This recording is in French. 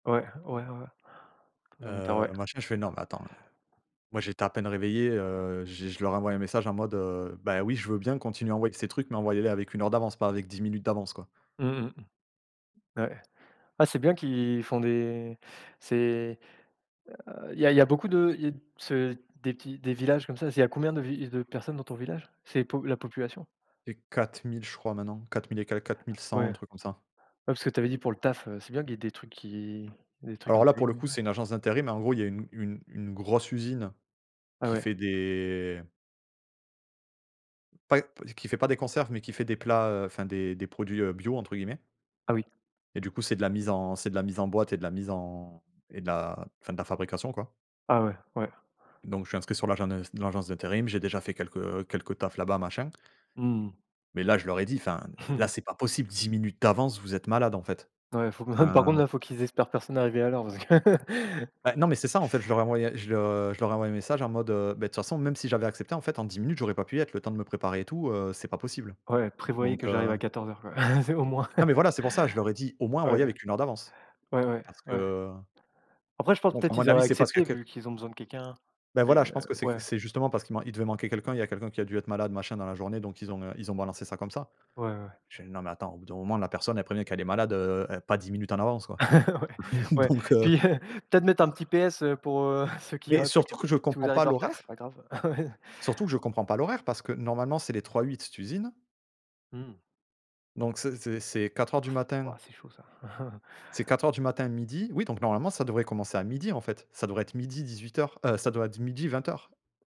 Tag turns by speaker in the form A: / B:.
A: Ouais, ouais, ouais, conservateur, ouais.
B: Heu,
A: D'accord.
B: machin, je fais: «Non, mais attends», heu, moi, j'étais à peine réveillé, heu, j'ai je leur ai envoyé un message en mode, heu: «Bah oui, je veux bien, continuez à envoyer ces trucs mais envoyez-les avec 1 heure d'avance, pas avec 10 minutes d'avance», quoi.
A: Mmh, mmh mh. Ouais. Ah c'est bien qu'ils font des c'est, heu, il y a il y a beaucoup de il y a c'est des petits des villages comme ça? C'est il y a combien de vi de personnes dans ton village? C'est po la population?
B: Et 4 000 je crois maintenant, 4 000 et quelques quatre mille
A: Ouais.
B: cent un
A: Ouais,
B: truc comme ça.
A: parce que tu avais dit pour le taf, heu, c'est bien qu'il y ait des trucs qui des trucs
B: Alors là, pour
A: intelligents
B: le coup, c'est
A: [unintelligible]
B: une agence d'intérim mais en gros, il y a une une une grosse usine
A: Ah
B: qui
A: ouais.
B: fait des pas p qui fait pas des conserves mais qui fait des plats, heu, enfin, des des produits, heu, «Bio», entre guillemets.
A: Ah oui.
B: Et du coup, c'est de la mise en c'est de la mise en boîte et de la mise en et de la enfin, de la fabrication quoi.
A: Ah, ouais, ouais.
B: Donc je suis inscrit sur l'agent de heu, dans l'agence d'intérim, j'ai déjà fait quelques quelques tafs là-bas machin.
A: Mmh mh.
B: Mais là, je leur ai dit: «Enfin, l là, c'est pas possible, 10 minutes d'avance, vous êtes malades, en fait»,
A: Ouais, faut ah par
B: heu
A: contre là, faut qu'ils espèrent personne arriver à l'heure, parce que
B: Ben, non mais c'est ça en fait je leur ai envoyé je je leur ai envoyé un message en mode, heu: «Bah de toute façon même si j'avais accepté en fait en 10 minutes j'aurais pas pu y être le temps de me préparer et tout, heu, c'est pas possible»,
A: Ouais: «Prévoyez
B: donc
A: que j'arrive
B: heu
A: à 14:00,» quoi, c'est au moins.
B: Non mais voilà, c'est pour ça, je leur ai dit: «Au moins, envoyez
A: Ouais.
B: avec une heure d'avance»
A: Ouais, ouais.
B: parce
A: Ouais.
B: que
A: Après je pense
B: Donc
A: peut-être
B: à mon
A: qu'ils
B: avis
A: auraient
B: c'est parce qu'il
A: accepté
B: y a q
A: vu qu'ils ont besoin de quelqu'un
B: Bah
A: et
B: voilà
A: heu,
B: je pense que c'est
A: ouais.
B: c'est justement parce qu'il man il devait manquer quelqu'un. Il y a quelqu'un qui a dû être malade machin dans la journée, donc ils ont, heu, ils ont balancé ça comme ça.
A: Ouais, ouais, ouais.
B: Je fais: «Non mais attends au bout d'un moment la personne elle prévient qu'elle est malade, heu, é pas 10 minutes en avance» quoi
A: Ouais, ouais,
B: donc heu
A: puis, heu, peut-être mettre un petit PS, heu, pour, heu, ceux qui
B: Mais
A: auraient pas
B: surtout, que
A: captés:
B: je
A: «Si
B: comprends
A: vous
B: pas
A: arrivez en retard, c'est
B: l'horaire
A: pas grave» ouais.
B: surtout que je comprends pas l'horaire, parce que normalement, c'est les trois-huit d'usines.
A: Mmh.
B: Donc c'est c'est c'est 04:00 du matin
A: Waouh, c'est chaud, ça.
B: c'est 04:00 du matin, 12:00, oui, donc normalement ça devrait commencer à 12:00, en fait. Ça devrait être 12:00-18:00, heu, ça doit d 12:00-20:00.